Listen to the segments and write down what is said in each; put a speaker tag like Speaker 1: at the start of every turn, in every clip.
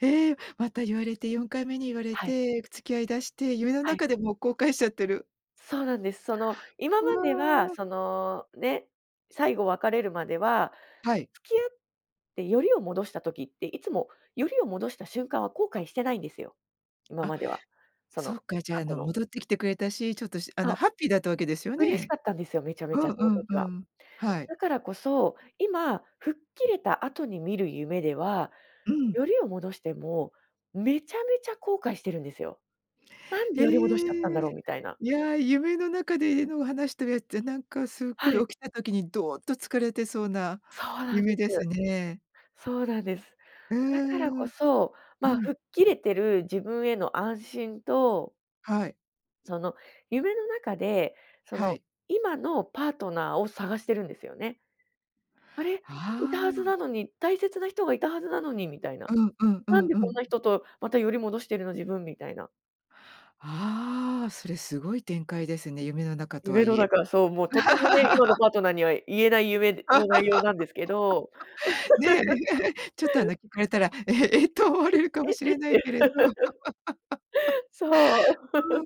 Speaker 1: ええ、また言われて4回目に言われ
Speaker 2: はい。
Speaker 1: て、付き合い出して、夢の
Speaker 2: はい。
Speaker 1: 中でも後悔しちゃってる。
Speaker 2: そうなんです。その今
Speaker 1: う
Speaker 2: までは
Speaker 1: わ。
Speaker 2: そのね、最後別れるまでは、
Speaker 1: はい。
Speaker 2: 付き合ってよりを戻した時って、いつもよりを戻した瞬間は後悔してないんですよ。今
Speaker 1: あ、
Speaker 2: までは、そ
Speaker 1: そ
Speaker 2: の
Speaker 1: っか、じゃあ、
Speaker 2: 過
Speaker 1: あ
Speaker 2: 去
Speaker 1: の
Speaker 2: の
Speaker 1: 戻ってきてくれたし、ちょっとあ
Speaker 2: そ
Speaker 1: の
Speaker 2: う。
Speaker 1: ハッピーだったわけですよ
Speaker 2: 嬉し
Speaker 1: ね。
Speaker 2: かったんですよ、めちゃ
Speaker 1: う
Speaker 2: めち
Speaker 1: ん
Speaker 2: ゃそ
Speaker 1: う
Speaker 2: の
Speaker 1: ん
Speaker 2: 時
Speaker 1: う
Speaker 2: は。
Speaker 1: ん。はい。
Speaker 2: だからこそ、今吹っ切れた後に見る夢では、
Speaker 1: うん。
Speaker 2: よりを戻してもめちゃめちゃ後悔してるんですよ。なんで
Speaker 1: え
Speaker 2: より戻しちゃったんだ
Speaker 1: え。
Speaker 2: ろうみたいな。
Speaker 1: いや、夢の中でのえの話してるやつってなんかすっご
Speaker 2: はい。
Speaker 1: い起きた時にどっと疲れてそうな
Speaker 2: そうなんで
Speaker 1: 夢
Speaker 2: す。
Speaker 1: ですね。
Speaker 2: そうなんです。
Speaker 1: う
Speaker 2: だからこ
Speaker 1: ーん。
Speaker 2: そ
Speaker 1: う
Speaker 2: ま
Speaker 1: ん。
Speaker 2: 吹っ切れてる自分への安心と
Speaker 1: はい。
Speaker 2: その夢の中で、そ
Speaker 1: は
Speaker 2: の
Speaker 1: い。
Speaker 2: 今のパートナーを探してるんですよね。「あれ？いたは
Speaker 1: あ
Speaker 2: ず
Speaker 1: あ。
Speaker 2: なのに、大切な人がいたはずなのに」みたいな。
Speaker 1: うんうんう
Speaker 2: 「なん
Speaker 1: ん
Speaker 2: で
Speaker 1: う
Speaker 2: こん
Speaker 1: ん。
Speaker 2: な人とまたより戻してるの？自分」みたいな。
Speaker 1: ああ、それすごい展開ですね、夢の中とは
Speaker 2: 夢の
Speaker 1: いえ。
Speaker 2: 中そう、もうとてもね、今の パートナーには言えない夢の内容なんですけど。
Speaker 1: ねえ。ちょっとあ の聞かれたら「ええ」と思わ
Speaker 2: え、
Speaker 1: れるかも
Speaker 2: え
Speaker 1: しれないけれど。
Speaker 2: え。そう。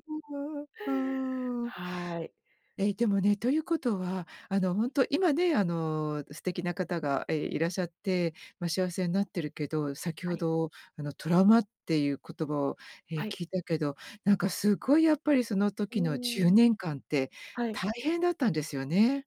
Speaker 1: うーん。うーん。
Speaker 2: はい。
Speaker 1: ええ、でもね、ということはあの本当今ね、あの素敵な方が、ええ、いらっしゃって、ま幸せになってるけど、先
Speaker 2: は
Speaker 1: ほ
Speaker 2: い。
Speaker 1: どあのトラウマっていう言葉を、ええ、
Speaker 2: はい。
Speaker 1: 聞いたけど、なんかすごいやっぱりその
Speaker 2: う
Speaker 1: 時のじゅう
Speaker 2: ん。
Speaker 1: ねんかんって
Speaker 2: はい。
Speaker 1: 大変だったんですよね？